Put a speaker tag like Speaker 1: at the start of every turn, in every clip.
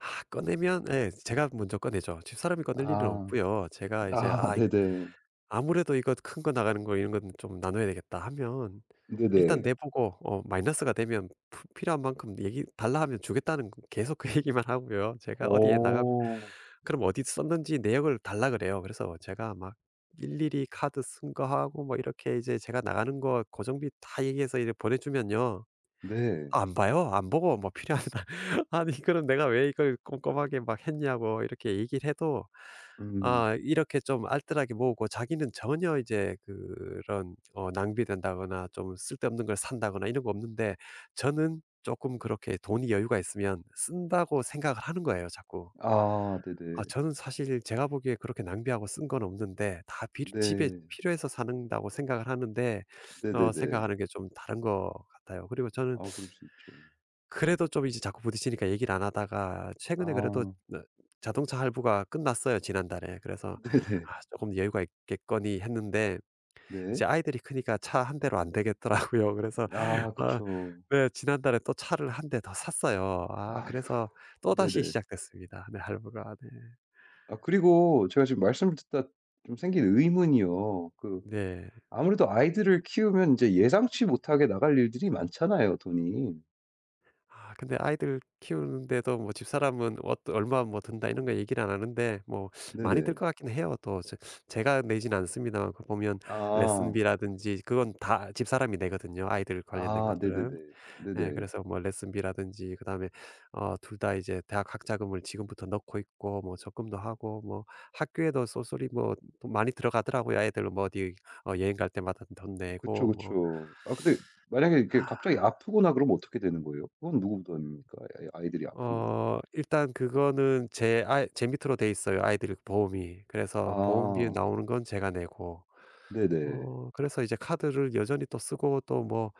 Speaker 1: 꺼내면 예 제가 먼저 꺼내죠. 집사람이 꺼낼 일은
Speaker 2: 아.
Speaker 1: 없고요. 제가 이제
Speaker 2: 아.
Speaker 1: '아이
Speaker 2: 네네.
Speaker 1: 아무래도 이것 큰 거 나가는 거 이런 건 좀 나눠야 되겠다.' 하면 일단
Speaker 2: 네네.
Speaker 1: 내 보고 어 마이너스가 되면 푸 필요한 만큼 얘기 달라 하면 주겠다는 계속 그 얘기만 하고요. 제가 어디에 나가고
Speaker 2: 어.
Speaker 1: 그럼 어디 썼는지 내역을 달라 그래요. 그래서 제가 막 일일이 카드 쓴 거 하고 막 이렇게 이제 제가 나가는 거 고정비 다 얘기해서 이렇게 보내 주면요.
Speaker 2: 네.
Speaker 1: 안 봐요. 안 보고 막 필요하다 아니 그럼 내가 왜 이걸 꼼꼼하게 막 했냐고 이렇게 얘기를 해도
Speaker 2: 음.
Speaker 1: 아 이렇게 좀 알뜰하게 모으고 자기는 전혀 이제 그런 어 낭비된다거나 좀 쓸데없는 걸 산다거나 이런 거 없는데 저는 쪼끔 그렇게 돈이 여유가 있으면 쓴다고 생각을 하는 거예요 자꾸.
Speaker 2: 아.
Speaker 1: 아
Speaker 2: 네네.
Speaker 1: 저는 사실 제가 보기에 그렇게 낭비하고 쓴 건 없는데 다 빌 집에
Speaker 2: 네.
Speaker 1: 필요해서 산다고 생각을 하는데 어
Speaker 2: 네네네.
Speaker 1: 생각하는 게 좀 다른 것 같아요. 그리고 저는
Speaker 2: 아 그럴 수 있죠.
Speaker 1: 그래도 좀 이제 자꾸 부딪히니까 얘기를 안 하다가 최근에 그래도
Speaker 2: 아.
Speaker 1: 네 자동차 할부가 끝났어요 지난달에. 그래서
Speaker 2: 네네.
Speaker 1: '아 조금 여유가 있겠거니.' 했는데 이제
Speaker 2: 네.
Speaker 1: 아이들이 크니까 차 1 대로 안 되겠더라고요. 그래서
Speaker 2: 아.
Speaker 1: 어
Speaker 2: 그쵸.
Speaker 1: 예 지난달에 또 차를 1 대 더 샀어요. 아
Speaker 2: 아이고.
Speaker 1: 그래서 또 다시
Speaker 2: 네네.
Speaker 1: 시작됐습니다 네 할부가 네.
Speaker 2: 아 그리고 제가 지금 말씀을 듣다 좀 생긴 의문이요. 그
Speaker 1: 네.
Speaker 2: 아무래도 아이들을 키우면 인제 예상치 못하게 나갈 일들이 많잖아요 돈이.
Speaker 1: 아 근데 아이들 키우는데도 뭐 집사람은 어떤 "얼마 뭐 든다." 이런 거 얘기를 안 하는데 뭐 많이 들
Speaker 2: 네네.
Speaker 1: 것 같긴 해요. 또 제 제가 내지는 않습니다만 그 보면
Speaker 2: 아.
Speaker 1: 레슨비라든지 그건 다 집사람이 내거든요 아이들 관련된
Speaker 2: 아. 네네네.
Speaker 1: 것들은. 예
Speaker 2: 네네.
Speaker 1: 그래서 뭐 레슨비라든지 그다음에 어 2 다 이제 대학 학자금을 지금부터 넣고 있고 뭐 적금도 하고 뭐 학교에도 쏠쏠히 뭐 돈 많이 들어가더라고요. 아이들 뭐 어디 어 여행 갈 때마다 돈 내고
Speaker 2: 그쵸,
Speaker 1: 뭐
Speaker 2: 그쵸. 아 근데 만약에 이렇게 갑자기 아프거나 그러면 어떻게 되는 거예요? 그건 누구 부담입니까? 그 아이 아이들이 아프면?
Speaker 1: 어 일단 그거는 제 아이 제 밑으로 되어 있어요 아이들 보험이. 그래서 보험비에
Speaker 2: 아.
Speaker 1: 나오는 건 제가 내고.
Speaker 2: 네네.
Speaker 1: 어 그래서 이제 카드를 여전히 또 쓰고 또 뭐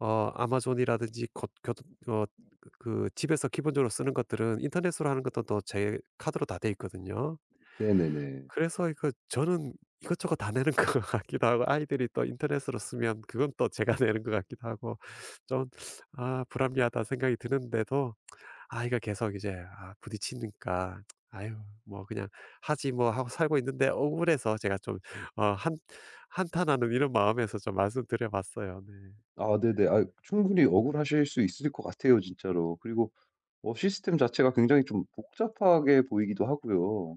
Speaker 1: 어 아마존이라든지 곧 교 어 그 그 집에서 기본적으로 쓰는 것들은 인터넷으로 하는 것도 또 제 카드로 다 되어 있거든요.
Speaker 2: 네네네.
Speaker 1: 그래서 이거 저는 이것저것 다 내는 것 같기도 하고 아이들이 또 인터넷으로 쓰면 그건 또 제가 내는 것 같기도 하고 좀 '아 불합리하다.' 생각이 드는데도 아 이거 계속 이제 아 부딪히니까 '아유 뭐 그냥 하지 뭐.' 하고 살고 있는데 억울해서 제가 좀 어 한 한탄하는 이런 마음에서 좀 말씀 드려 봤어요 네.
Speaker 2: 아 네네. 아유 충분히 억울하실 수 있을 것 같아요 진짜로. 그리고 뭐 시스템 자체가 굉장히 좀 복잡하게 보이기도 하고요.